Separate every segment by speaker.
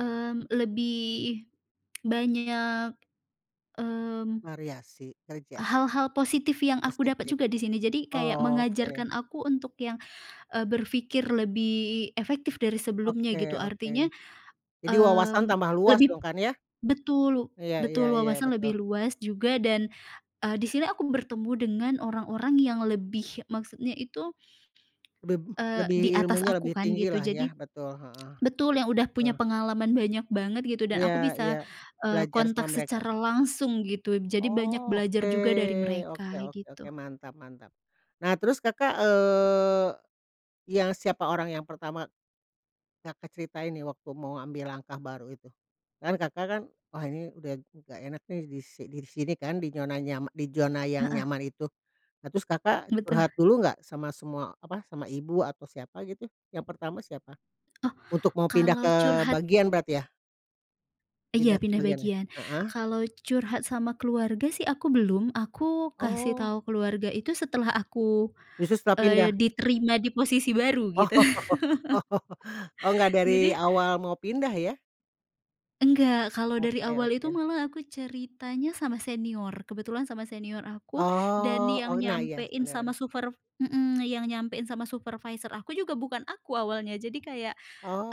Speaker 1: Mmm, lebih banyak, mmm
Speaker 2: Variasi kerja?
Speaker 1: Hal-hal positif yang aku dapat
Speaker 2: Positif.
Speaker 1: juga di sini. Jadi kayak
Speaker 2: Oke.
Speaker 1: mengajarkan aku untuk yang, eee, berpikir lebih efektif dari sebelumnya
Speaker 2: Oke
Speaker 1: gitu.
Speaker 2: oke.
Speaker 1: Artinya,
Speaker 2: Jadi wawasan
Speaker 1: mmm,
Speaker 2: tambah luas
Speaker 1: lebih
Speaker 2: dong, kan ya?
Speaker 1: betul lu
Speaker 2: Iya iya
Speaker 1: betul,
Speaker 2: iya,
Speaker 1: wawasan
Speaker 2: betul.
Speaker 1: lebih luas juga dan, eee, di sini aku bertemu dengan orang-orang yang lebih, maksudnya itu
Speaker 2: Bem
Speaker 1: eee, di
Speaker 2: lebih,
Speaker 1: atas
Speaker 2: ilmunya
Speaker 1: aku
Speaker 2: lebih
Speaker 1: kan,
Speaker 2: tinggi
Speaker 1: gitu.
Speaker 2: lah
Speaker 1: Jadi,
Speaker 2: ya. Betul, heeh.
Speaker 1: betul, yang udah
Speaker 2: Betul.
Speaker 1: punya pengalaman banyak banget gitu dan
Speaker 2: Iya
Speaker 1: aku
Speaker 2: iya.
Speaker 1: bisa, eee,
Speaker 2: Belajar sama
Speaker 1: kontak
Speaker 2: mereka.
Speaker 1: secara langsung gitu. Jadi banyak
Speaker 2: Oh,
Speaker 1: belajar
Speaker 2: oke
Speaker 1: juga dari
Speaker 2: oke
Speaker 1: mereka,
Speaker 2: oke oke.
Speaker 1: gitu.
Speaker 2: Mantap mantap. Nah, terus Kakak, eee, yang siapa orang yang pertama, Kakak ceritain nih waktu mau ambil langkah baru itu? Kan Kakak kan, "Wah ini, udah nggak enak nih, di si di sini kan" di nyona nya di zona yang
Speaker 1: Heeh.
Speaker 2: nyaman itu. Nah, terus Kakak
Speaker 1: Betul.
Speaker 2: curhat dulu nggak sama semua, apa, sama ibu, atau siapa gitu, yang pertama siapa?
Speaker 1: Oh,
Speaker 2: Untuk mau pindah
Speaker 1: kalau
Speaker 2: ke
Speaker 1: curhat
Speaker 2: bagian berarti ya.
Speaker 1: iya,
Speaker 2: Pindah ke
Speaker 1: pindah
Speaker 2: bagian ya,
Speaker 1: bagian.
Speaker 2: heeh.
Speaker 1: Kalau curhat sama keluarga sih aku belum. Aku, kasih
Speaker 2: Oh.
Speaker 1: tahu keluarga itu setelah aku,
Speaker 2: Justru setelah pindah.
Speaker 1: eee, diterima di posisi baru
Speaker 2: Oh
Speaker 1: gitu.
Speaker 2: oh. Oh, nggak dari
Speaker 1: Jadi
Speaker 2: awal mau pindah ya?
Speaker 1: enggak, kalau dari
Speaker 2: Oke
Speaker 1: awal itu
Speaker 2: oke.
Speaker 1: malah aku ceritanya sama senior. Kebetulan sama senior aku, dan
Speaker 2: Oh,
Speaker 1: yang
Speaker 2: oh, nah, iya, s
Speaker 1: nyampein sama
Speaker 2: bener.
Speaker 1: superv hmm, yang nyampein sama supervisor aku juga bukan aku awalnya. Jadi kayak,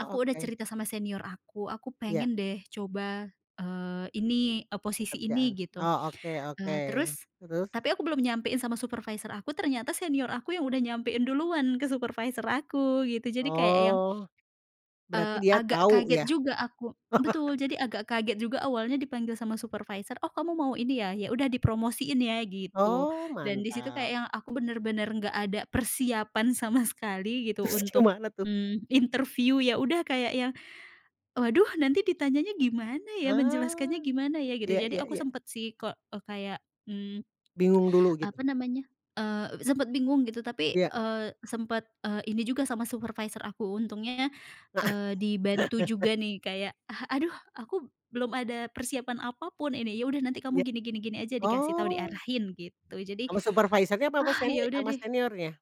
Speaker 1: aku udah
Speaker 2: oke.
Speaker 1: cerita sama senior aku, "Aku
Speaker 2: Ya.
Speaker 1: pengen deh coba, eee, ini, eee, posisi ini"
Speaker 2: Kerjaan.
Speaker 1: gitu.
Speaker 2: Oh, oke oke,
Speaker 1: Eee, terus
Speaker 2: terus?
Speaker 1: tapi aku belum nyampein sama supervisor aku, ternyata senior aku yang udah nyampein duluan ke supervisor aku, gitu. Jadi kayak yang,
Speaker 2: Oh, berarti
Speaker 1: eee,
Speaker 2: dia
Speaker 1: agak
Speaker 2: tahu
Speaker 1: kaget
Speaker 2: ya.
Speaker 1: juga aku betul, jadi agak kaget juga awalnya dipanggil sama supervisor, "Oh, kamu mau ini ya? Ya udah dipromosiin ya" gitu.
Speaker 2: Oh,
Speaker 1: Dan di situ kayak
Speaker 2: mantap.
Speaker 1: yang aku benar-benar nggak ada persiapan sama sekali gitu
Speaker 2: Terus
Speaker 1: untuk,
Speaker 2: gimana tuh?
Speaker 1: mmm, interview. Ya udah, kayak yang, "Waduh nanti ditanyanya gimana ya? Menjelaskannya
Speaker 2: Ah,
Speaker 1: gimana ya?" Gitu.
Speaker 2: iya
Speaker 1: Jadi
Speaker 2: iya
Speaker 1: aku
Speaker 2: iya.
Speaker 1: sempet sih kek eee, kayak, mmm,
Speaker 2: Bingung dulu gitu.
Speaker 1: apa namanya, eee, sempet bingung gitu. Tapi,
Speaker 2: Iya.
Speaker 1: eee, sempet, eee, ini juga sama supervisor aku, untungnya, eee, dibantu juga nih kayak, "Ah, aduh aku belum ada persiapan apapun ini". "Ya udah, nanti kamu
Speaker 2: Iya,
Speaker 1: gini gini gini aja", dikasih tahu,
Speaker 2: oh.
Speaker 1: diarahin gitu. Jadi,
Speaker 2: Sama supervisornya, apa sama
Speaker 1: ah
Speaker 2: seni
Speaker 1: ya udah
Speaker 2: sama
Speaker 1: deh.
Speaker 2: seniornya?